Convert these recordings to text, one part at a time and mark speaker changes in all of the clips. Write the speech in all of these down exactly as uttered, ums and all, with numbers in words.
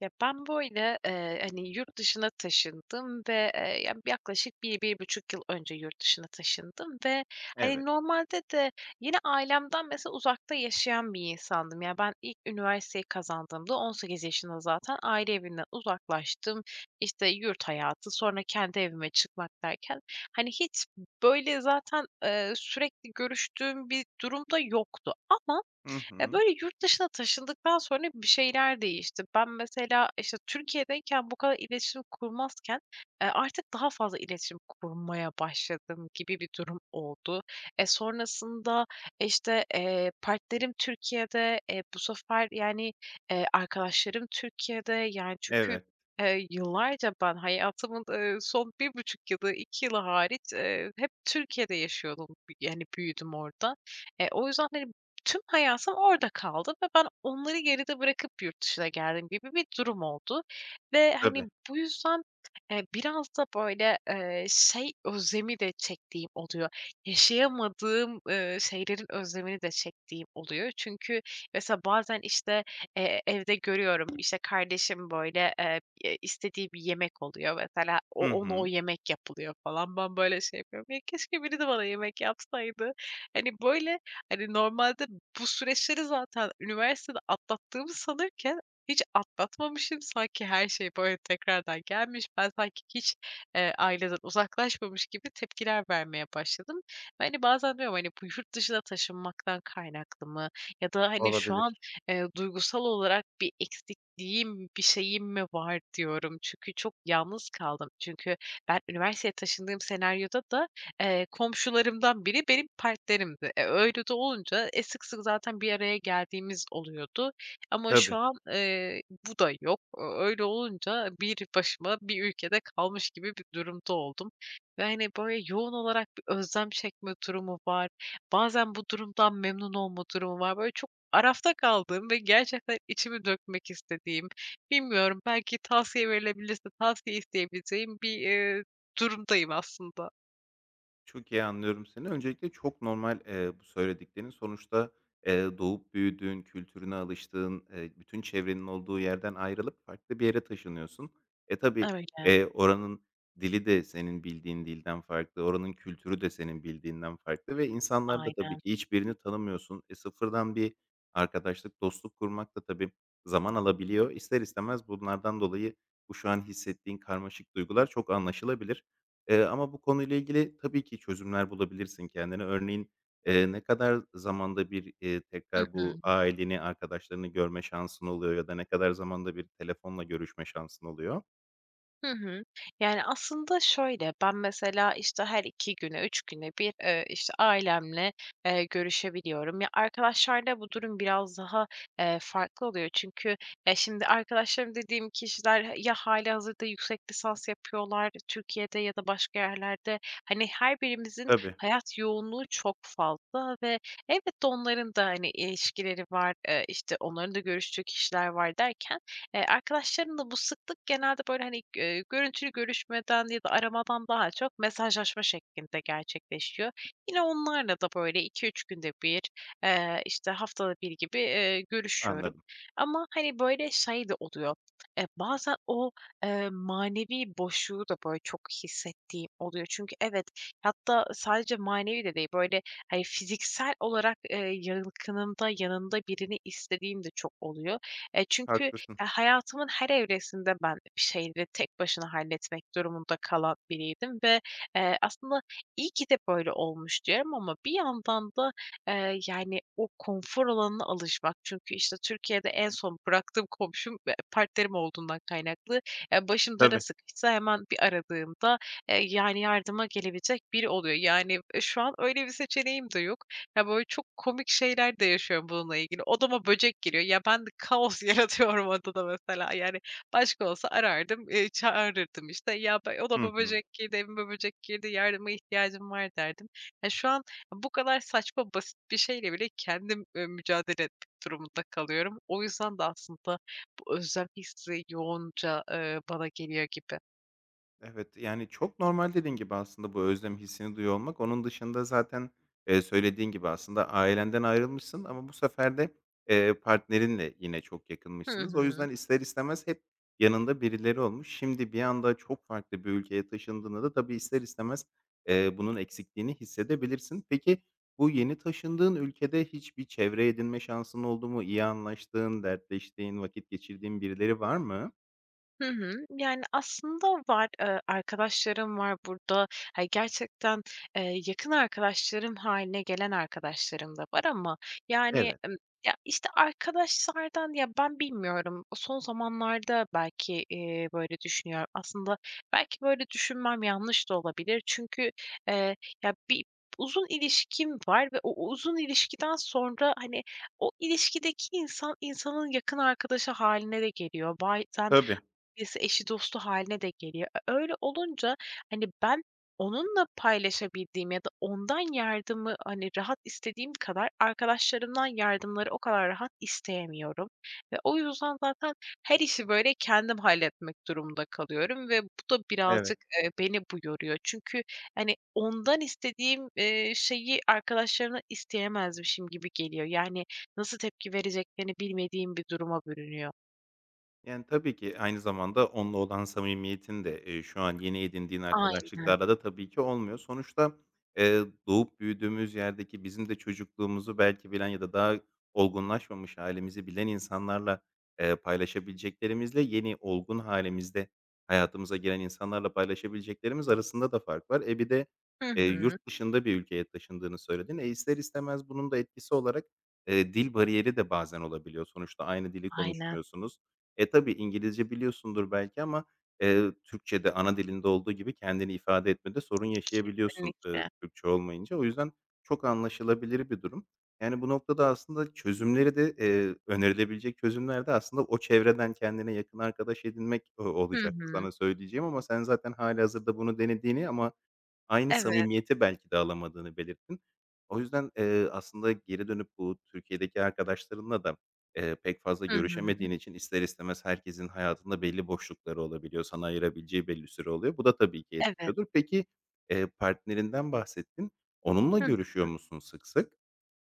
Speaker 1: Ya, ben, böyle, eee, hani, yurt dışına taşındım ve, eee, ya yaklaşık bir bir buçuk yıl önce yurt dışına taşındım ve, hani,
Speaker 2: Evet.
Speaker 1: normalde de yine ailemden mesela uzakta yaşayan bir insandım. Ya, ben ilk üniversiteyi kazandığımda on sekiz yaşında zaten aile evinden uzaklaştım, işte, yurt hayatı, sonra kendi evime çıkmak derken, hani, hiç b böyle, zaten, eee, sürekli görüştüğüm bir durum da yoktu ama
Speaker 2: Hı
Speaker 1: e,
Speaker 2: hı.
Speaker 1: böyle, yurt dışına taşındıktan sonra bir şeyler değişti. Ben mesela, işte, Türkiye'deyken bu kadar iletişim kurmazken, eee, artık daha fazla iletişim kurmaya başladım gibi bir durum oldu. E, sonrasında, işte, eee, partnerim Türkiye'de, eee, bu sefer yani, eee, arkadaşlarım Türkiye'de yani çünkü,
Speaker 2: Evet.
Speaker 1: eee, yıllarca ben hayatımın, ııı, son bir buçuk yılı iki yılı hariç, eee, hep Türkiye'de yaşıyordum b yani büyüdüm orada. E, o yüzden, hani, tüm hayatım orada kaldı ve ben onları geride bırakıp yurt dışına geldim gibi bir durum oldu ve, hani,
Speaker 2: Tabii.
Speaker 1: bu yüzden, eee, biraz da böyle, eee, şey özlemi de çektiğim oluyor, yaşayamadığım, ııı, şeylerin özlemini de çektiğim oluyor çünkü mesela bazen, işte, eee, evde görüyorum, işte, kardeşim, böyle, eee, eee, istediği bir yemek oluyor mesela
Speaker 2: Hı
Speaker 1: o ona o
Speaker 2: hı.
Speaker 1: yemek yapılıyor falan ben, böyle, şey yapıyorum, ya keşke biri de bana yemek yapsaydı. Hani, böyle, hani, normalde bu süreçleri zaten üniversitede atlattığımı sanırken hiç atlatmamışım sanki her şey, böyle, tekrardan gelmiş, ben sanki hiç, eee, aileden uzaklaşmamış gibi tepkiler vermeye başladım. Ve, hani, bazen diyorum, "Hani, bu yurt dışına taşınmaktan kaynaklı mı ya da, hani, şu
Speaker 2: Olabilir.
Speaker 1: an, eee, duygusal olarak bir eksikliğim bir şeyim mi var?" diyorum. Çünkü çok yalnız kaldım. Çünkü ben üniversiteye taşındığım senaryoda da, eee, komşularımdan biri benim partnerimdi. E, öyle de olunca e sık sık zaten bir araya geldiğimiz oluyordu ama şu
Speaker 2: Tabii.
Speaker 1: an, eee, bu da yok. O öyle olunca bir başıma bir ülkede kalmış gibi bir durumda oldum ve, hani, böyle, yoğun olarak bir özlem çekme durumu var, bazen bu durumdan memnun olma durumu var. Böyle, çok arafta kaldığım ve gerçekten içimi dökmek istediğim, bilmiyorum belki tavsiye verilebilirse tavsiye isteyebileceğim bir, eee, durumdayım aslında.
Speaker 2: Çok iyi anlıyorum seni. Öncelikle çok normal, eee, bu söylediklerin sonuçta, eee, doğup büyüdüğün, kültürüne alıştığın, eee, bütün çevrenin olduğu yerden ayrılıp farklı bir yere taşınıyorsun. E, tabi,
Speaker 1: Öyle.
Speaker 2: eee, oranın dili de senin bildiğin dilden farklı, oranın kültürü de senin bildiğinden farklı ve insanlarda tabi
Speaker 1: Aynen.
Speaker 2: ki hiçbirini tanımıyorsun. E, sıfırdan bir arkadaşlık, dostluk kurmak da tabi zaman alabiliyor. İster istemez bunlardan dolayı, bu şu an hissettiğin karmaşık duygular çok anlaşılabilir. Eee, ama bu konuyla ilgili tabi ki çözümler bulabilirsin kendine: Örneğin, eee, ne kadar zamanda bir, eee,
Speaker 1: Hı
Speaker 2: tekrar
Speaker 1: hı.
Speaker 2: bu aileni, arkadaşlarını görme şansın oluyor ya da ne kadar zamanda bir telefonla görüşme şansın oluyor?
Speaker 1: Hı hı. Yani, aslında şöyle ben, mesela, işte, her iki güne üç güne bir, eee, işte ailemle, eee, görüşebiliyorum. Ya, arkadaşlarla bu durum biraz daha, eee, farklı oluyor. Çünkü ya, şimdi arkadaşlarım dediğim kişiler ya, halihazırda yüksek lisans yapıyorlar Türkiye'de, ya da başka yerlerde, hani, her birimizin
Speaker 2: Tabii.
Speaker 1: hayat yoğunluğu çok fazla ve elbette onların da, hani, ilişkileri var, eee, işte, onların da görüştüğü kişiler var derken, eee, arkadaşlarımla bu sıklık genelde böyle, hani, eee, görüntülü görüşmeden ya da aramadan daha çok mesajlaşma şeklinde gerçekleşiyor. Yine onlarla da böyle iki üç günde bir, eee, işte haftada bir gibi, eee, görüşüyorum
Speaker 2: Anladım.
Speaker 1: ama hani, böyle şey de oluyor e, bazen o, emm, manevi boşluğu da böyle çok hissettiğim oluyor. Çünkü evet, hatta sadece manevi de değil böyle, hani, fiziksel olarak, eee, yakınında, yanında birini istediğim de çok oluyor. E, çünkü, eee,
Speaker 2: Haklısın.
Speaker 1: hayatımın her evresinde ben bir şeyi de tek başına halletmek durumunda kalan biriydim ve, eee, aslında iyi ki de böyle olmuş diyorum ama bir yandan da, eee, yani, o konfor alanına alışmak çünkü, işte, Türkiye'de en son bıraktığım komşum e, partnerim olduğundan kaynaklı ya, başım dara
Speaker 2: Tabii.
Speaker 1: sıkışsa hemen bir aradığımda, eee, yani, yardıma gelebilecek biri oluyor yani, şu an öyle bir seçeneğim de yok. Ya, böyle çok komik şeyler de yaşıyorum bununla ilgili; odama böcek geliyor ya, ben kaos yaratıyorum odada, mesela, yani, başka olsa arardım, eee, çağırırdım işte ya, be
Speaker 2: Hı
Speaker 1: "Odama
Speaker 2: hı.
Speaker 1: böcek girdi, evime böcek girdi, yardıma ihtiyacım var." derdim. Ya, şu an bu kadar saçma, basit bir şeyle bile kendim, eee, mücadele etmek durumunda kalıyorum. O yüzden de aslında bu özel hissi yoğunca, eee, bana geliyor gibi.
Speaker 2: Evet, yani çok normal dediğin gibi aslında bu özlem hissini duyuyor olmak. Onun dışında zaten, eee, söylediğin gibi aslında ailenden ayrılmışsın ama bu sefer de, eee, partnerinle yine çok
Speaker 1: Hı
Speaker 2: yakınmışsınız. O
Speaker 1: hı.
Speaker 2: yüzden, ister istemez hep yanında birileri olmuş, şimdi bir anda çok farklı bir ülkeye taşındığında da tabii ister istemez, eee, bunun eksikliğini hissedebilirsin. Peki, bu yeni taşındığın ülkede hiçbir çevre edinme şansın oldu mu, iyi anlaştığın, dertleştiğin, vakit geçirdiğin birileri var mı?
Speaker 1: Hı hı. Yani, aslında var, eee, arkadaşlarım var burada. Ha gerçekten, eee, yakın arkadaşlarım hâline gelen arkadaşlarım da var ama yani,
Speaker 2: Evet.
Speaker 1: emm, ya, işte, arkadaşlardan ya ben bilmiyorum o son zamanlarda belki, eee, böyle, düşünüyorum aslında belki, böyle, düşünmem yanlış da olabilir çünkü, eee, ya bir uzun ilişkim var ve o uzun ilişkiden sonra, hani, o ilişkideki insan insanın yakın arkadaşı hâline de geliyor. Bazen
Speaker 2: Tabii.
Speaker 1: birisi eşi dostu hâline de geliyor. E, öyle olunca, hani, ben onunla paylaşabildiğim ya da ondan yardımı, hani, rahat istediğim kadar arkadaşlarımdan yardımları o kadar rahat isteyemiyorum ve o yüzden, zaten her işi, böyle, kendim halletmek durumunda kalıyorum ve bu da
Speaker 2: Evet.
Speaker 1: birazcık, eee, beni bu yoruyor. Çünkü, hani, ondan istediğim, eee, şeyi arkadaşlarımdan isteyemezmişim gibi geliyor. Yani, nasıl tepki vereceklerini bilmediğim bir duruma bürünüyor.
Speaker 2: Yani, tabii ki aynı zamanda onunla olan samimiyetin de, eee, şu an yeni edindiğin
Speaker 1: Aynen.
Speaker 2: arkadaşlıklarla da tabii ki olmuyor. Sonuçta, eee, doğup büyüdüğümüz yerdeki bizim de çocukluğumuzu belki bilen ya da daha olgunlaşmamış hâlimizi bilen insanlarla, eee, paylaşabileceklerimizle, yeni olgun hâlimizde hayatımıza giren insanlarla paylaşabileceklerimiz arasında da fark var. E, bir de,
Speaker 1: Hı
Speaker 2: eee,
Speaker 1: hı.
Speaker 2: yurt dışında bir ülkeye taşındığını söyledin. E, ister istemez bunun da etkisi olarak, eee, dil bariyeri de bazen olabiliyor, sonuçta aynı dili
Speaker 1: Aynen.
Speaker 2: konuşmuyorsunuz. E, tabii İngilizce biliyorsundur belki ama, eee, Türkçe'de ana dilinde olduğu gibi kendini ifade etmede sorun yaşayabiliyorsun, ııı,
Speaker 1: Kesinlikle.
Speaker 2: Türkçe olmayınca. O yüzden, çok anlaşılabilir bir durum. Yani, bu noktada aslında çözümleri de, eee, önerilebilecek çözümler de aslında o çevreden kendine yakın arkadaş edinmek, ııı,
Speaker 1: Hı
Speaker 2: olacak
Speaker 1: hı.
Speaker 2: sana söyleyeceğim ama sen zaten hâlihazırda bunu denediğini ama aynı
Speaker 1: Eve
Speaker 2: samimiyeti belki de alamadığını belirttin. O yüzden, eee, aslında geri dönüp bu Türkiye'deki arkadaşlarınla da, eee, pek fazla
Speaker 1: Hı hı.
Speaker 2: görüşemediğin için ister istemez herkesin hayatında belli boşlukları olabiliyor, sana ayırabileceği belli bir süre oluyor. Bu da tabii ki
Speaker 1: Evet.
Speaker 2: etkiliyordur. Peki, eee, partnerinden bahsettin onunla
Speaker 1: Hı
Speaker 2: görüşüyor
Speaker 1: hı.
Speaker 2: musun sık sık?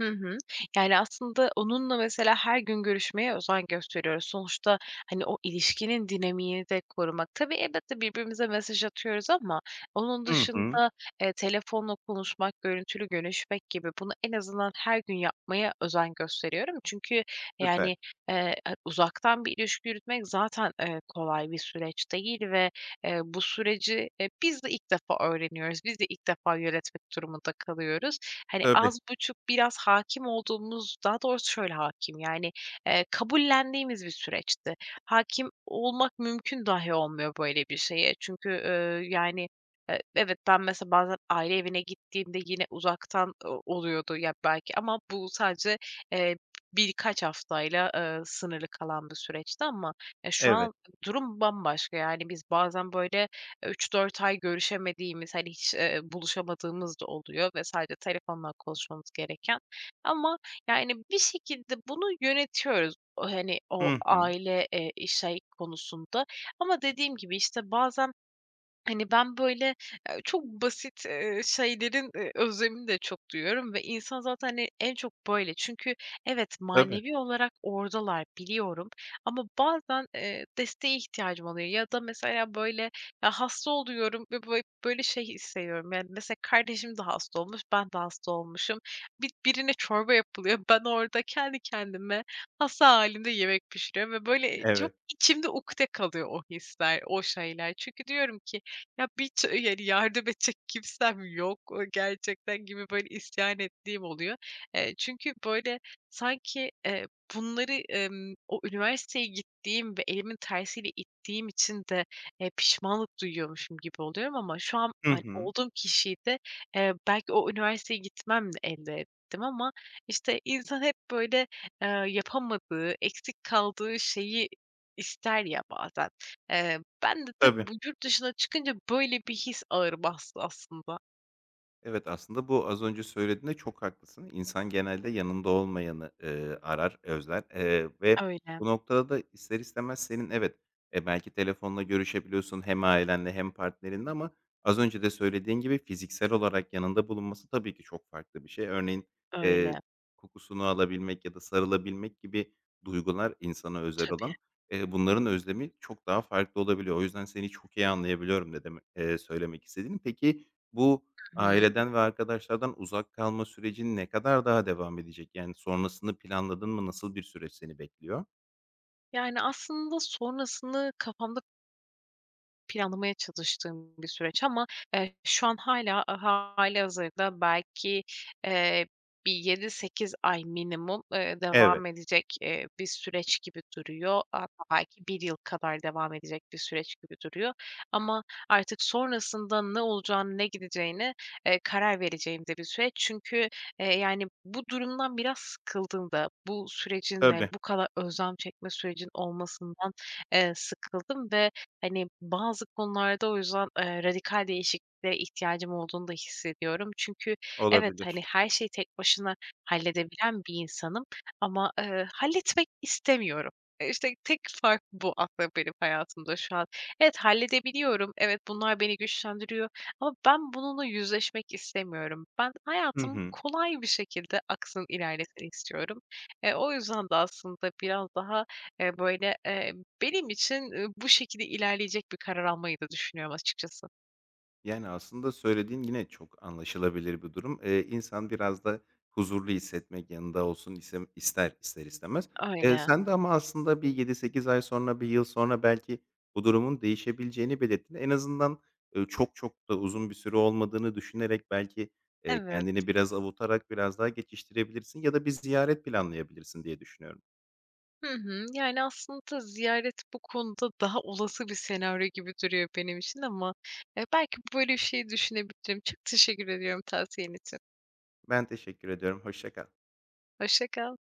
Speaker 1: Hı hı. Yani, aslında, onunla, mesela, her gün görüşmeye özen gösteriyoruz. Sonuçta, hani, o ilişkinin dinamiğini de korumak. Tabii elbette, birbirimize mesaj atıyoruz ama onun
Speaker 2: Hı hı.
Speaker 1: dışında, eee, telefonla konuşmak, görüntülü görüşmek gibi, bunu en azından her gün yapmaya özen gösteriyorum. Çünkü
Speaker 2: Süper.
Speaker 1: yani, eee, ı uzaktan bir ilişki yürütmek zaten, eee, kolay bir süreç değil ve, eee, bu süreci, eee, biz de ilk defa öğreniyoruz, biz de ilk defa yönetmek durumunda kalıyoruz. Hani,
Speaker 2: Tabii.
Speaker 1: az buçuk, biraz hâkim olduğumuz, daha doğrusu şöyle hâkim, yani, eee, kabullendiğimiz bir süreçti. Hâkim olmak mümkün dâhi olmuyor böyle bir şeye çünkü, ııı, yani, eee, evet ben, mesela, bazen aile evine gittiğimde yine uzaktan o oluyordu ya belki ama bu sadece, eee, b birkaç haftayla, ııı, sınırlı kalan bir süreçti ama ya, şu
Speaker 2: Evet.
Speaker 1: an durum bambaşka, yani biz bazen, böyle, üç dört ay görüşemediğimiz, hani, hiç, eee, buluşamadığımız da oluyor ve sadece telefonla konuşmamız gereken ama, yani, bir şekilde bunu yönetiyoruz, hani, o,
Speaker 2: Hı hı.
Speaker 1: aile, eee, şey konusunda ama dediğim gibi, işte, bazen, hani, ben, böyle, eee, çok basit, eee, şeylerin, eee, özlemini de çok duyuyorum ve insan zaten, hani, en çok böyle. Çünkü evet,
Speaker 2: Tabi.
Speaker 1: manevi olarak oradalar biliyorum ama bazen, eee, desteğe ihtiyacım oluyor ya da mesela böyle ya, hasta oluyorum ve böyle böyle şey hissediyorum, yani, mesela, kardeşim de hasta olmuş, ben de hasta olmuşum, bi birine çorba yapılıyor, ben orada kendi kendime, hasta hâlimde yemek pişiriyorum ve, böyle, çok,
Speaker 2: Evet.
Speaker 1: içimde ukde kalıyor o hisler, o şeyler. Çünkü diyorum ki, "Ya, bir ç yani yardım edecek kimsem yok, o gerçekten." gibi, böyle, isyan ettiğim oluyor. Eee, çünkü, böyle, sanki, eee, bunları, emm, o üniversiteye gittiğim ve elimin tersiyle ittiğim için de, eee, pişmanlık duyuyormuşum gibi oluyorum ama şu an,
Speaker 2: Hı
Speaker 1: hani,
Speaker 2: hı.
Speaker 1: olduğum kişiyi de, eee ,belki o üniversiteye gitmemle elde ettim ama, işte, insan hep, böyle, aaa, yapamadığı, eksik kaldığı şeyi ister ya bazen. Eee, bende de,
Speaker 2: Tabii.
Speaker 1: bu, yurt dışına çıkınca böyle bir his ağır bastı aslında.
Speaker 2: Evet, aslında, bu az önce söylediğinde çok haklısın, insan genelde yanında olmayanı, ııı, arar, özler, eee, ve
Speaker 1: Öyle.
Speaker 2: bu noktada da ister istemez, senin, evet, e, belki telefonla görüşebiliyorsun hem ailenle hem partnerinle ama az önce de söylediğin gibi fiziksel olarak yanında bulunması tabii ki çok farklı bir şey. Örneğin, eee,
Speaker 1: Öyle.
Speaker 2: kokusunu alabilmek ya da sarılabilmek gibi duygular insana özel olan,
Speaker 1: Tabii.
Speaker 2: eee, bunların özlemi çok daha farklı olabiliyor. O yüzden seni çok iyi anlayabiliyorum ne demek eee, söylemek istediğini. Peki, bu,
Speaker 1: Hı hı.
Speaker 2: aileden ve arkadaşlardan uzak kalma sürecin ne kadar daha devam edecek, yani, sonrasını planladın mı, nasıl bir süreç seni bekliyor?
Speaker 1: Yani aslında sonrasını kafamda planlamaya çalıştığım bir süreç ama, eee, şu an hâlâ hâlihazırda belki, eee, bir yedi sekiz ay minimum, eee,
Speaker 2: Evet.
Speaker 1: devam edecek, eee, bir süreç gibi duruyor. Hatta, belki bir yıl kadar devam, edecek bir süreç gibi duruyor ama artık sonrasında ne olacağını ne gideceğini, eee, karar vereceğim de bir süreç. Çünkü, eee, yani, bu durumdan biraz sıkıldım da, bu sürecin de,
Speaker 2: Tabii.
Speaker 1: bu kadar özlem çekme süreci olmasından, eee, sıkıldım ve, hani, bazı konularda o yüzden, eee, radikal değişikliğe ihtiyacım olduğunu da hissediyorum çünkü, evet, hani,
Speaker 2: Olabilir.
Speaker 1: her şeyi tek başına halledebilen bir insanım ama, eee, halletmek istemiyorum. İşte, tek fark bu aslında, benim hayatımda şu an. Evet, halledebiliyorum, evet, bunlar beni güçlendiriyor ama ben bununla yüzleşmek istemiyorum. Ben,
Speaker 2: Hı
Speaker 1: hayatım
Speaker 2: hı.
Speaker 1: kolay bir şekilde aksın, ilerlesin istiyorum. E, o yüzden de aslında biraz daha, eee, böyle, eee, benim için, ııı, bu şekilde ilerleyecek bir karar almayı da düşünüyorum açıkçası.
Speaker 2: Yani, aslında söylediğin, yine çok anlaşılabilir bir durum, eee, insan biraz da huzurlu hissetmek, yanında olsun isem ister, ister istemez. Eee,
Speaker 1: Öyle.
Speaker 2: sen de ama aslında bir yedi sekiz ay sonra, bir yıl sonra belki bu durumun değişebileceğini belirttin, en azından, ııı, çok çok da uzun bir süre olmadığını düşünerek belki, eee,
Speaker 1: Evet.
Speaker 2: kendini biraz avutarak, biraz daha geçiştirebilirsin ya da bir ziyaret planlayabilirsin diye düşünüyorum.
Speaker 1: Hı hı, yani, aslında ziyaret bu konuda, daha olası bir senaryo gibi duruyor benim için ama, eee, belki böyle bir şeyi düşünebilirim, çok teşekkür ediyorum tavsiyen için.
Speaker 2: Ben teşekkür ediyorum, hoşça kal.
Speaker 1: Hoşça kal.